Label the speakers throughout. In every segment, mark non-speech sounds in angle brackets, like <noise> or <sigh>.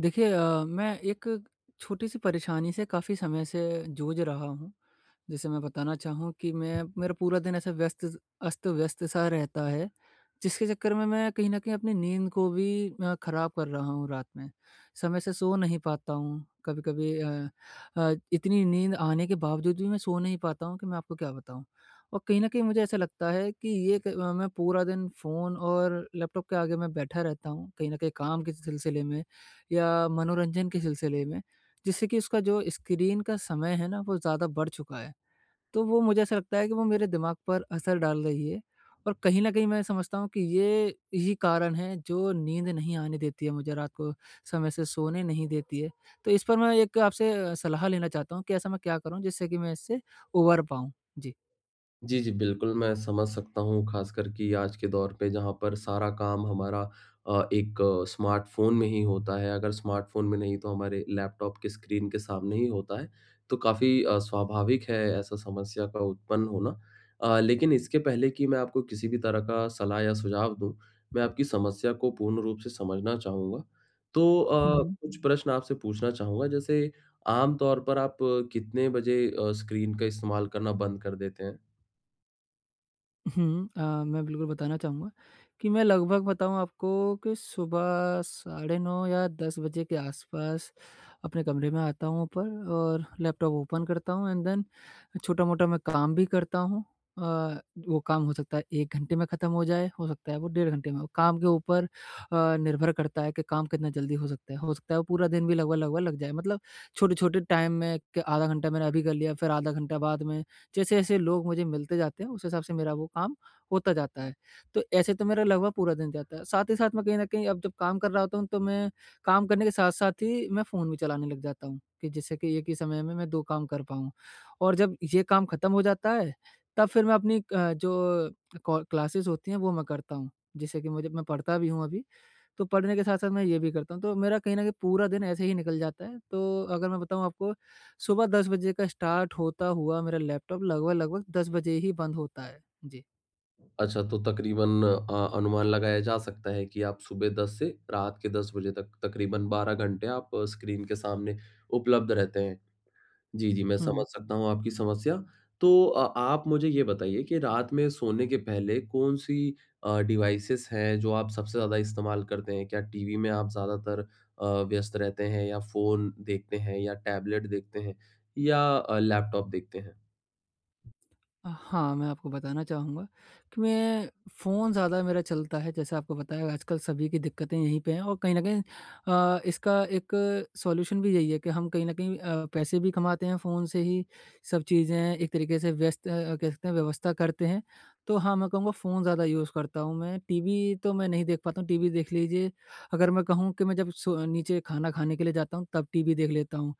Speaker 1: देखिए अ, मैं एक छोटी-सी परेशानी से काफ़ी समय से जूझ रहा हूँ। जैसे मैं बताना चाहूँ कि मैं मेरा पूरा दिन ऐसे व्यस्त अस्त-व्यस्त सा रहता है। जिसके चक्कर में मैं कहीं न कहीं अपनी नींद को भी अ, ख़राब कर रहा हूँ रात में। समय से सो नहीं पाता हूँ, कभी-कभी अ अ, इतनी नींद आने के बावजूद भी मैं सो नहीं पाता हूँ कि मैं आपको क्या बताऊँ? और कहीं न कहीं मुझे ऐसा लगता है कि ये क मैं पूरा दिन फ़ोन और लैपटॉप के आगे मैं बैठा रहता हूँ कहीं न कहीं काम के सिलसिले में या मनोरंजन के सिलसिले में जिससे कि उसका जो स्क्रीन का समय है ना वो ज़्यादा बढ़ चुका है, तो वो मुझे ऐसा लगता है कि वो मेरे दिमाग पर असर डाल रही है। और कहीं न कहीं मैं समझता हूँ कि ये ही कारण है जो नींद नहीं आने देती है मुझे रात को, समय से सोने नहीं देती है। तो इस पर मैं एक आपसे सलाह लेना चाहता हूँ कि ऐसा मैं क्या करूँ जिससे कि मैं इससे उभर पाऊँ? जी।
Speaker 2: जी, जी। बिल्कुल, मैं समझ सकता हूँ खासकर कि आज के दौर पे जहाँ पर सारा काम हमारा अ, एक स्मार्टफ़ोन में ही होता है, अगर स्मार्टफ़ोन में नहीं तो हमारे लैपटॉप के स्क्रीन के सामने ही होता है। तो काफ़ी अ, स्वाभाविक है ऐसा समस्या का उत्पन्न होना। अ, लेकिन इसके पहले की मैं आपको किसी भी तरह का सलाह या सुझाव दूँ, मैं आपकी समस्या को पूर्ण रूप से समझना चाहूँगा। तो अ,
Speaker 1: हुँ।
Speaker 2: कुछ प्रश्न आपसे पूछना चाहूँगा, जैसे आम तौर पर आप कितने बजे अ, स्क्रीन का इस्तेमाल करना बंद कर देते हैं?
Speaker 1: हुँ। अ, मैं बिल्कुल बताना चाहूँगा कि मैं लगभग बताऊँ आपको कि सुबह साढ़े 9 या 10 बजे के आस-पास अपने कमरे में आता हूँ ऊपर और लैपटॉप ओपन करता हूँ एंड देन छोटा-मोटा मैं काम भी करता हूँ। अ, वो काम हो सकता है 1 घंटे में ख़त्म हो जाए हो सकता है वो डेढ़ घंटे में हो। काम के ऊपर अ, निर्भर करता है कि काम कितना जल्दी हो सकता है। हो सकता है वो पूरा दिन भी लगभग-लगभग लग जाए मतलब छोटे-छोटे टाइम में के आधा घंटा मैंने अभी कर लिया फ़िर आधा घंटा बाद में। जैसे-जैसे लोग मुझे मिलते जाते हैं उस हिसाब से मेरा वो काम होता जाता है। तो ऐसे तो मेरा लगभग पूरा दिन जाता है। साथ ही साथ मैं कहीं न कहीं अब जब काम कर रहा होता हूँ तो मैं काम करने के साथ-साथ ही मैं फ़ोन भी चलाने लग जाता हूँ कि जिससे कि एक ही समय में, मैं 2 काम कर पाऊँ। और जब ये काम ख़त्म हो जाता है तब फ़िर मैं अपनी अ, जो कॉल क्लासेज़ होती हैं वो मैं करता हूँ जिससे कि मुझे मैं पढ़ता भी हूँ अभी। तो पढ़ने के साथ-साथ मैं ये भी करता हूँ, तो मेरा कहीं न कहीं पूरा दिन ऐसे ही निकल जाता है। तो अगर मैं बताऊँ आपको सुबह 10 बजे का स्टार्ट होता हुआ मेरा लैपटॉप लगभग-लगभग 10 बजे ही बंद होता है। जी।
Speaker 2: अच्छा तो तकरीबन अ, अनुमान लगाया जा सकता है कि आप सुबह 10 से रात के 10 बजे तक तकरीबन 12 घंटे आप स्क्रीन के सामने उपलब्ध रहते हैं। जी, जी मैं
Speaker 1: हुँ।
Speaker 2: समझ सकता हूँ आपकी समस्या। तो अ आप मुझे ये बताइए कि रात में सोने के पहले कौन-सी अ, डिवाइसेज़ हैं जो आप सबसे ज़्यादा इस्तेमाल करते हैं? क्या टीवी में आप ज़्यादातर अ, व्यस्त रहते हैं या फ़ोन देखते हैं या टैबलेट देखते हैं या अ, लैपटॉप देखते हैं?
Speaker 1: हाँ, मैं आपको बताना चाहूँगा कि मैं फ़ोन ज़्यादा मेरा चलता है जैसे आपको बताया आजकल सभी की दिक्कतें यहीं पे हैं। और कहीं न कहीं अ, इसका एक सॉल्यूशन भी यही है कि हम कहीं न कहीं अ, पैसे भी कमाते हैं फ़ोन से ही सब चीज़ें एक तरीके से व्यस्त अ, कह सकते हैं व्यवस्था करते हैं। तो हाँ, मैं कहूँगा फ़ोन ज़्यादा यूज़ करता हूँ मैं। टीवी तो मैं नहीं देख पाता हूँ, टीवी देख लीजिए अगर मैं कहूँ कि मैं जब सो नीचे खाना खाने के लिए जाता हूँ तब टीवी देख लेता हूँ।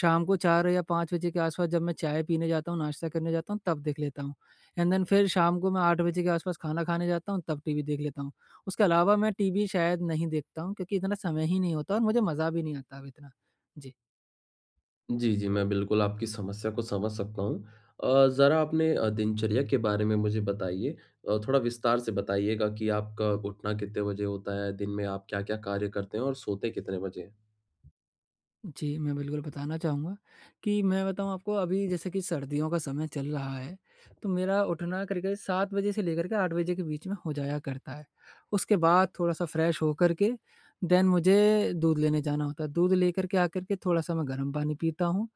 Speaker 1: शाम को 4 या 5 बजे के आस-पास जब मैं चाय पीने जाता हूँ, नाश्ता करने जाता हूँ तब देख लेता हूँ। एंड देन फ़िर शाम को मैं 8 बजे के आस-पास खाना खाने जाता हूँ तब टीवी देख लेता हूँ। उसके अलावा मैं टीवी शायद नहीं देखता हूँ क्योंकि इतना समय ही नहीं होता और मुझे मज़ा भी नहीं आता अब इतना। जी।
Speaker 2: जी, जी। मैं बिल्कुल आपकी समस्या को समझ सकता हूँ अ, ज़रा अपने अ, दिनचर्या के बारे में मुझे बताइए? अ, थोड़ा विस्तार से बताइएगा कि आपका उठना कितने बजे होता है? दिन में आप क्या-क्या कार्य करते हैं और सोते कितने बजे हैं?
Speaker 1: जी मैं बिल्कुल बताना चाहूँगा, कि मैं बताऊँ आपको अभी जैसे कि सर्दियों का समय चल रहा है, तो मेरा उठना करीब-करीब 7 बजे से लेकर के 8 बजे के बीच में हो जाया करता है। उसके बाद थोड़ा-सा फ्रेश हो करके देन मुझे दूध लेने जाना होता है, दूध लेकर के आकर के थोड़ा-सा मैं गर्म पानी पीता हूँ,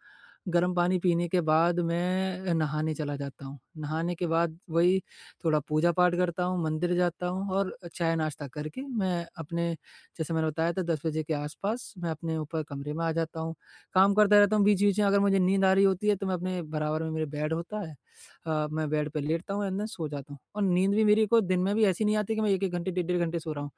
Speaker 1: गर्म पानी पीने के बाद मैं नहाने चला जाता हूँ, नहाने के बाद वही थोड़ा पूजा-पाठ करता हूँ, मंदिर जाता हूँ और चाय नाश्ता करके, मैं अपने जैसे मैंने बताया था 10 बजे के आस-पास मैं अपने ऊपर कमरे में आ जाता हूँ, काम करता रहता हूँ बीच-बीच में अगर मुझे नींद आ रही होती है, तो मैं अपने बराबर में मेरे बेड होता है अ, मैं बेड पे लेटता हूँ एंड देन सो जाता हूँ। और नींद भी मेरी कोई दिन में भी ऐसी नहीं आती कि मैं 1-1 घंटे डेढ़-डेढ़ घंटे सो रहा हूँ।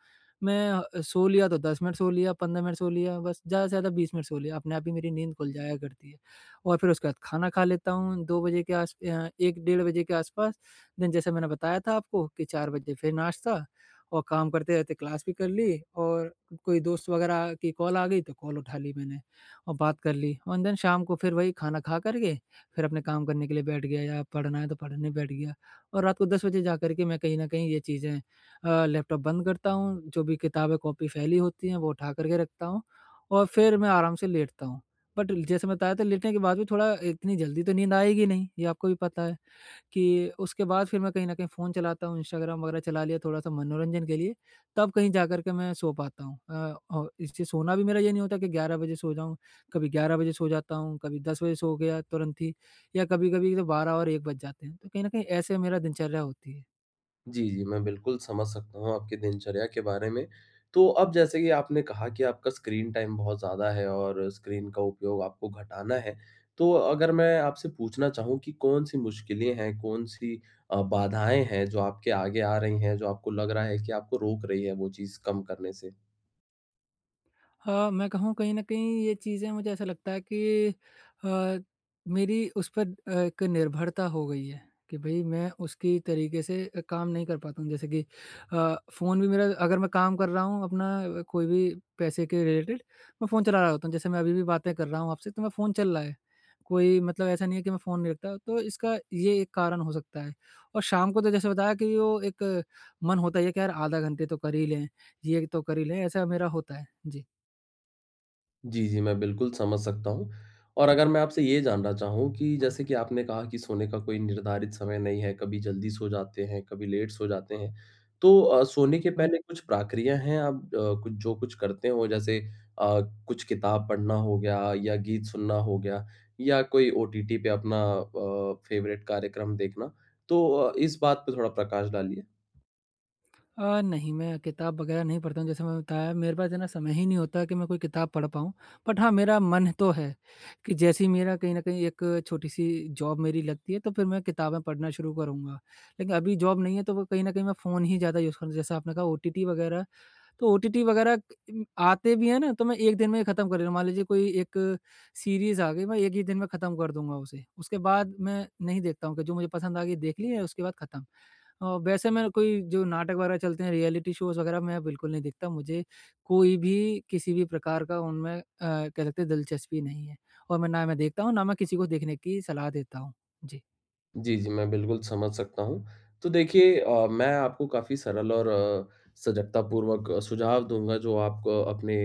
Speaker 1: मैं अ, सो लिया तो 10 मिनट सो लिया 15 मिनट सो लिया बस ज़्यादा से ज़्यादा 20 मिनट सो लिया, अपने आप ही मेरी नींद खुल जाया करती है और फिर उसके बाद खाना खा लेता हूँ, 2 बजे के आस अ, 1 डेढ़ बजे के आस-पास। देन जैसे मैंने बताया था आपको कि 4 बजे फिर नाश्ता और काम करते रहते क्लास भी कर ली और कोई दोस्त वगैरह की कॉल आ गई, तो कॉल उठा ली मैंने और बात कर ली। एन देन शाम को फिर वही खाना खाकर के, फिर अपने काम करने के लिए बैठ गया या पढ़ना है, तो पढ़ने बैठ गया और रात को 10 बजे जाकर के मैं कहीं न कहीं ये चीज़ें अ, लैपटॉप बंद करता हूँ, जो भी किताबें-कॉपी फैली होती है, वो उठाकर के रखता हूँ और फिर मैं आराम से लेटता हूँ। बट ल जैसे मैं बताया था लेटने के बाद भी थोड़ा इतनी जल्दी तो नींद आएगी नहीं, ये आपको भी पता है, कि उसके बाद फिर मैं कहीं न कहीं फ़ोन चलाता हूँ, इंस्टाग्राम वगैरह चला लिया थोड़ा-सा मनोरंजन के लिए, तब कहीं जाकर के मैं सो पाता हूँ अ, और इससे सोना भी मेरा ये नहीं होता कि 11 बजे सो जाऊँ, कभी 11 बजे सो जाता हूँ, कभी 10 बजे सो गया तुरंत ही या कभी-कभी तो 12 और 1 बज जाते हैं। तो कहीं न कहीं ऐसे मेरा दिनचर्या होती है।
Speaker 2: जी, जी। मैं बिल्कुल समझ सकता हूँ आपके दिनचर्या के बारे में। तो अब जैसे कि आपने कहा कि आपका स्क्रीन टाइम बहुत ज़्यादा है और स्क्रीन का उपयोग आपको घटाना है। तो अगर मैं आपसे पूछना चाहूँ कि कौन-सी मुश्किलें हैं, कौन-सी अ, बाधाएँ हैं जो आपके आगे आ रही हैं, जो आपको लग रहा है कि आपको रोक रही है वो चीज़ कम करने से?
Speaker 1: हाँ। मैं कहूँ कहीं न कहीं ये चीज़ें मुझे ऐसा लगता है कि अ, मेरी उस पर अ, एक निर्भरता हो गई है, कि भई मैं उसके तरीके से काम नहीं कर पाता हूँ। जैसे कि अ, फ़ोन भी मेरा अग़र मैं काम कर रहा हूँ अपना कोई भी पैसे के रिलेटेड मैं फ़ोन चला रहा होता हूँ। जैसे मैं अभी भी बातें कर रहा हूँ आपसे तो मेरा फ़ोन चल रहा है। कोई मतलब ऐसा नहीं है कि मैं फ़ोन नहीं रखता। तो इसका ये एक कारण हो सकता है और शाम को तो जैसे बताया कि वो एक मन होता है कि यार आधा घंटा तो कर ही लें। ये तो कर ही लें ऐसा मेरा होता है। जी।
Speaker 2: जी, जी। मैं बिल्कुल समझ सकता हूँ। और अगर मैं आपसे ये जानना चाहूँ कि जैसे कि आपने कहा कि सोने का कोई निर्धारित समय नहीं है, कभी जल्दी सो जाते हैं, कभी लेट सो जाते हैं। तो अ, सोने के
Speaker 1: हुँ।
Speaker 2: पहले कुछ प्रक्रिया हैं? आप अ, जो कुछ करते हो जैसे अ, कुछ किताब पढ़ना हो गया या गीत सुनना हो गया या कोई ओटीटी पे अपना अ, फ़ेवरेट कार्यक्रम देखना। तो इस बात पर थोड़ा प्रकाश डालिए?
Speaker 1: अ, नहीं मैं किताब वगैरह नहीं पढ़ता हूँ जैसे मैंने बताया मेरे पास है ना, समय ही नहीं होता कि मैं कोई किताब पढ़ पाऊँ। बट हाँ, मेरा मन तो है कि जैसे ही मेरा कहीं न कहीं एक छोटी-सी जॉब मेरी लगती है, तो फिर मैं किताबें पढ़ना शुरू करूँगा। लेकिन अभी जॉब नहीं है तो वो कहीं न कहीं मैं फ़ोन ही ज़्यादा यूज़ कर जैसा आपने कहा ओटीटी वगैरह, तो ओटीटी वगैरह म आते भी हैं ना तो मैं एक दिन में ही ख़त्म कर लेता हूँ। मान लीजिए कोई एक सीरीज़ आ गई, मैं एक ही दिन में ख़त्म कर दूँगा उसे। उसके बाद मैं नहीं देखता हूँ कि जो मुझे पसंद आ गई देख ली है उसके बाद ख़त्म। अ, वैसे मैं कोई जो नाटक वगैरह चलते हैं रियलिटी शोज़ वगैरह मैं बिल्कुल नहीं देखता। मुझे कोई भी, किसी भी प्रकार का उनमें अ, कह सकते हैं दिलचस्पी नहीं है और मैं ना मैं देखता हूँ, ना मैं किसी को देखने की सलाह देता हूँ। जी।
Speaker 2: जी, जी, मैं बिल्कुल समझ सकता हूँ। तो देखिए अ, मैं आपको काफ़ी सरल और अ, सजगतापूर्वक सुझाव दूँगा जो आपको अपने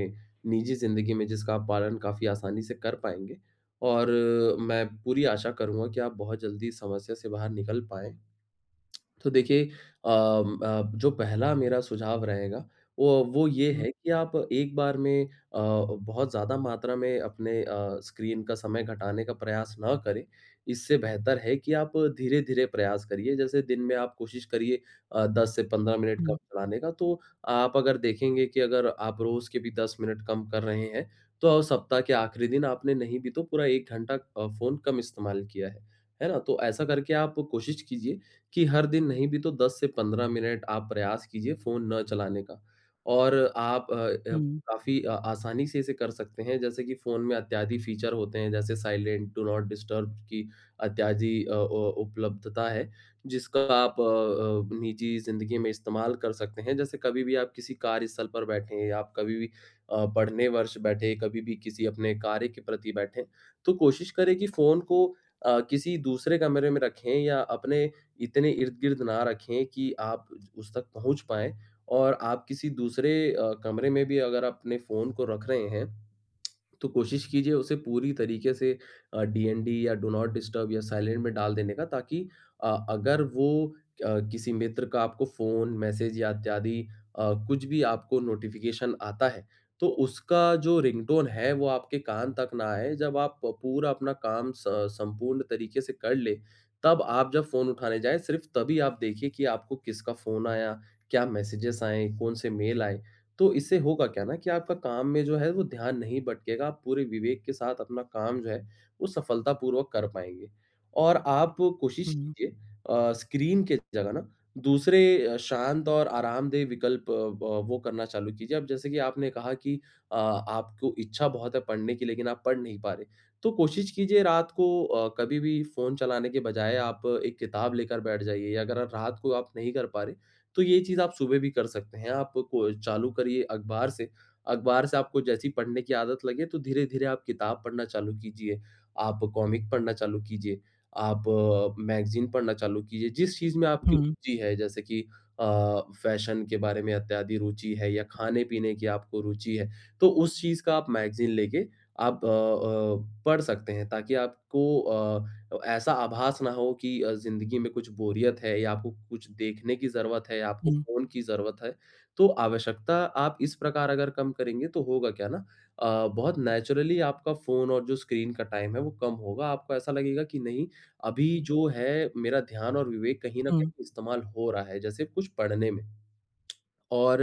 Speaker 2: निजी ज़िंदगी में जिसका पालन काफ़ी आसानी से कर पाएँगे और मैं पूरी आशा करूँगा कि आप बहुत जल्दी इस समस्या से बाहर निकल पाएँ। <clicks tongue> तो देखिए अम अ, जो पहला मेरा सुझाव रहेगा वो, वो ये
Speaker 1: हुँ।
Speaker 2: है कि आप एक बार में अ, बहुत ज़्यादा मात्रा में अपने अ, स्क्रीन का समय घटाने का प्रयास न करें। इससे बेहतर है कि, आप धीरे-धीरे प्रयास करिए जैसे दिन में आप कोशिश करिए अ, 10 से 15 मिनट का
Speaker 1: हुँ।
Speaker 2: <unintelligible> का तो आप अगर देखेंगे कि अगर आप रोज़ के भी 10 मिनट कम कर रहे हैं, तो अब सप्ताह के आख़िरी दिन आपने नहीं भी तो पूरा 1 घंटा अ, फ़ोन कम इस्तेमाल किया है, है ना? तो ऐसा करके आप कोशिश कीजिए कि, हर दिन नहीं भी तो 10 से 15 मिनट आप प्रयास कीजिए फ़ोन न चलाने का और आप अ अ,
Speaker 1: हुँ।
Speaker 2: काफ़ी अ, आसानी से इसे कर सकते हैं जैसे कि फ़ोन में इत्यादि फीचर होते हैं जैसे साइलेंट, डू नॉट डिस्टर्ब की इत्यादि अ अ, उपलब्धता है जिसका आप अ अ, निजी ज़िंदगी में इस्तेमाल कर सकते हैं। जैसे कभी भी आप किसी कार्य स्थल पर बैठे हैं या आप कभी भी अ, पढ़ने वर्ष बैठे कभी भी किसी अपने कार्य के प्रति बैठें, तो कोशिश करें कि फ़ोन को अ, किसी दूसरे कमरे में रखें या अपने इतने इर्द-गिर्द ना रखें कि आप उ उस तक पहुँच पाएँ और आप किसी दूसरे अ, कमरे में भी अगर अपने फ़ोन को रख रहे हैं <clicks tongue> तो कोशिश कीजिए उसे पूरी तरीके से अ, डीएनडी या डू नॉट डिस्टर्ब या साइलेंट में डाल देने का ताकि अ, अगर वो अ, किसी मित्र का आपको फ़ोन, मैसेज या इत्यादि अ, कुछ भी आपको नोटिफिकेशन आता है तो उसका जो रिंगटोन है वो आपके कान तक ना आए। जब आप प पूरा अपना काम सं संपूर्ण तरीके से कर लें तब आप जब फ़ोन उठाने जाए सिर्फ तभी आप देखिए कि आपको किसका फ़ोन आया? क्या मैसेजेस आएँ? कौन से मेल आए? तो इससे होगा क्या ना कि आपका काम में जो है वो ध्यान नहीं भटकेगा आप पूरे विवेक के साथ अपना काम जो है वो सफलतापूर्वक कर पाएँगे। और आप कोशिश
Speaker 1: हुँ।
Speaker 2: कीजिए अ, स्क्रीन के जगह न दूसरे शांत और आरामदेह विकल्प अ, व वो करना चालू कीजिए। अब जैसे कि आपने कहा कि अ, आपको इच्छा बहुत है पढ़ने की लेकिन आप पढ़ नहीं पा रहे, तो कोशिश कीजिए रात को अ, कभी भी फ़ोन चलाने के बजाय आप एक किताब लेकर बैठ जाइए या अगर अ, रात को आप नहीं कर पा रहे तो ये चीज़ आप सुबह भी कर सकते हैं। आप को चालू करिए अख़बार से, अख़बार से आपको जैसे ही पढ़ने की आदत लगे, तो धीरे-धीरे आप किताब पढ़ना चालू कीजिए। आप कॉमिक पढ़ना चालू कीजिए, आप मैगज़ीन पढ़ना चालू कीजिए। जिस चीज़ में आपकी
Speaker 1: हुँ।
Speaker 2: रुचि है जैसे कि अ, फैशन के बारे में इत्यादि रुचि है या खाने-पीने की आपको रुचि है। तो उस चीज़ का आप मैगज़ीन लेके आप अ-अ, पढ़ सकते हैं। ताकि आपको अ, ऐसा आभास ना हो कि अ, ज़िंदगी में कुछ बोरियत है या आपको कुछ देखने की ज़रूरत है, आपको
Speaker 1: हुँ।
Speaker 2: फ़ोन की ज़रूरत है। तो आवश्यकता आप इस प्रकार अगर कम करेंगे तो होगा क्या ना अ, बहुत नेचुरली आपका फ़ोन और जो स्क्रीन का टाइम है वो कम होगा आपको ऐसा लगेगा कि नहीं अभी जो है मेरा ध्यान और विवेक कहीं न
Speaker 1: हुँ।
Speaker 2: कहीं इस्तेमाल हो रहा है जैसे कुछ पढ़ने में। <clicks tongue> और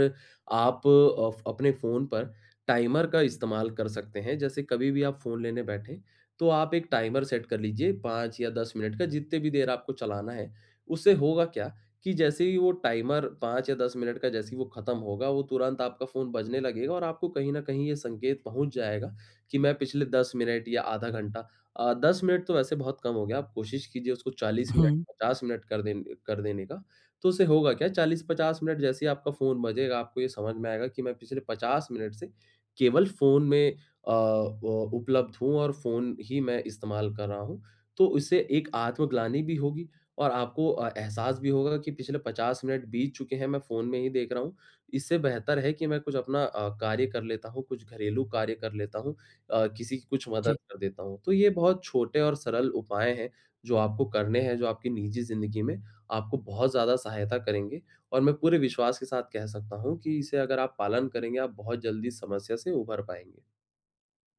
Speaker 2: आप अ, फ अपने फ़ोन पर टाइमर का इस्तेमाल कर सकते हैं, जैसे कभी भी आप फ़ोन लेने बैठें तो आप एक टाइमर सेट कर लीजिए 5 या 10 मिनट का जितनी भी देर आपको चलाना है, उससे होगा क्या कि जैसे ही वो टाइमर 5 या 10 मिनट का जैसे ही वो ख़त्म होगा, वो तुरंत आपका फ़ोन बजने लगेगा और आपको कहीं न कहीं ये संकेत पहुँच जाएगा, कि मैं पिछले 10 मिनट या आधा घंटा अ, 10 मिनट तो वैसे बहुत कम हो गया। आप कोशिश कीजिए उसको 40 मिनट
Speaker 1: हुँ।
Speaker 2: 50 मिनट कर देंन कर देने का। तो उससे होगा क्या 40-50 मिनट जैसे ही आपका फ़ोन बजेगा आपको ये समझ में आएगा कि, मैं पिछले 50 मिनट से केवल फ़ोन में अ, उ उपलब्ध हूँ और फ़ोन ही मैं इस्तेमाल कर रहा हूँ। तो उससे एक आत्मग्लानी भी होगी और आपको अ, एहसास भी होगा कि पिछले 50 मिनट बीत चुके हैं मैं फ़ोन में ही देख रहा हूँ। इससे बेहतर है कि मैं कुछ अपना अ, कार्य कर लेता हूँ, कुछ घरेलू कार्य कर लेता हूँ अ, किसी की कुछ
Speaker 1: जी।
Speaker 2: मदद कर देता हूँ। तो ये बहुत छोटे और सरल उपाय हैं जो आपको करने हैं, जो आपकी निजी ज़िंदगी में आपको बहुत ज़्यादा सहायता करेंगे। और मैं पूरे विश्वास के साथ कह सकता हूँ कि इसे अगर आप पालन करेंगे आप बहुत जल्दी समस्या से उभर पाएँगे।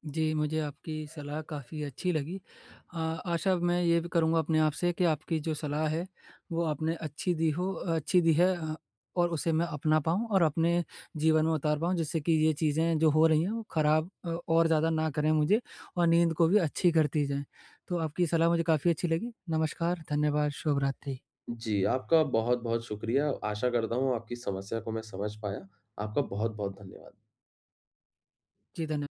Speaker 1: जी, मुझे आपकी सलाह काफ़ी अच्छी लगी। अ, आशा मैं ये भी करूँगा अपने आप से कि आपकी जो सलाह है, वो आपने अच्छी दी हो अच्छी दी है अ, और उसे मैं अपना पाऊँ और अपने जीवन में उतार पाऊँ जिससे कि ये चीज़ें जो हो रही हैं वो ख़राब और ज़्यादा न करें मुझे और नींद को भी अच्छी करती जाएँ। तो आपकी सलाह मुझे काफ़ी अच्छी लगी। नमस्कार, धन्यवाद, शुभ रात्रि।
Speaker 2: जी, आपका बहुत-बहुत शुक्रिया। आशा करता हूँ, आपकी समस्या को मैं समझ पाया। आपका बहुत-बहुत धन्यवाद।
Speaker 1: जी धन्य